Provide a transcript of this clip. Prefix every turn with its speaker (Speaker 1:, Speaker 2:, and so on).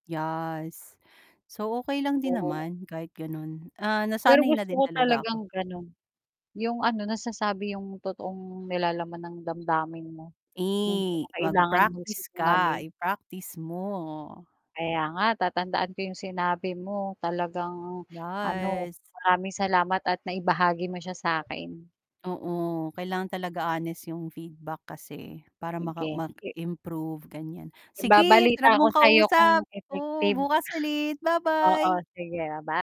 Speaker 1: Yes, so, okay lang din
Speaker 2: [unintelligible]
Speaker 1: naman, kahit gano'n, ah,
Speaker 2: Pero
Speaker 1: nasanay na
Speaker 2: gusto
Speaker 1: din
Speaker 2: ko
Speaker 1: talaga
Speaker 2: talagang
Speaker 1: ako.
Speaker 2: gano'n, 'yong ano nasasabi 'yong totoong nilalaman ng damdamin mo, 'yong hindi ko
Speaker 1: Eh,
Speaker 2: kailangan mag
Speaker 1: mag-practice ka,
Speaker 2: sinungaling.
Speaker 1: i-practice mo.
Speaker 2: Kaya nga tatandaan ko 'yong sinabi mo, talagang ano,
Speaker 1: Yes.
Speaker 2: maraming salamat at naibahagi mo siya sa akin.
Speaker 1: Oo, kailangan talaga honest 'yong feedback kasi, para maka
Speaker 2: Sige.
Speaker 1: mag improve ganyan, sige,
Speaker 2: Ibabalita
Speaker 1: sarap
Speaker 2: ko
Speaker 1: mong
Speaker 2: sa'yo kung
Speaker 1: kausap, oo,
Speaker 2: effective.
Speaker 1: bukas ulit,
Speaker 2: Oo
Speaker 1: ba-bye.
Speaker 2: sige, baba